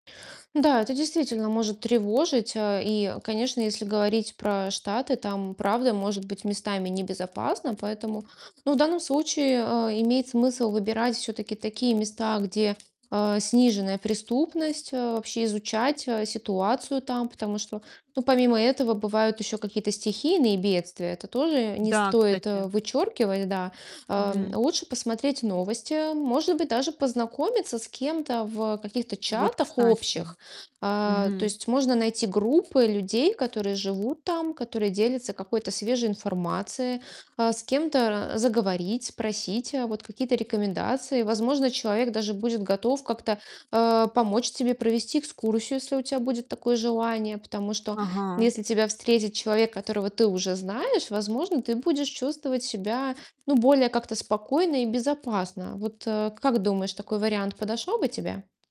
Да, это действительно может тревожить. Э, и, конечно, если говорить про Штаты, там правда может быть местами небезопасно, поэтому, ну, в данном случае, а, имеет смысл выбирать всё-таки такие места, где, э, сниженная преступность, э, вообще изучать, э, ситуацию там. Потому что, ну, помимо этого бывают ещё какие-то стихийные бедствия, это тоже не Да, стоит кстати. вычёркивать, да. А, Мгм. лучше посмотреть новости, может быть, даже познакомиться с кем-то в каких-то Вот, чатах кстати. общих. А, то Мгм. есть можно найти группы людей, которые живут там, которые делятся какой-то свежей информацией, а, с кем-то ра заговорить, спросить, э, вот какие-то рекомендации. Возможно, человек даже будет готов как-то, э, помочь тебе провести экскурсию, если у тя будет такое желание. Потому что Ага. если тебя встретит человек, которого ты уже знаешь, возможно, ты будешь чувствовать себя, ну, более как-то спокойно и безопасно. Вот, а, как думаешь, такой вариант подошел бы тебе?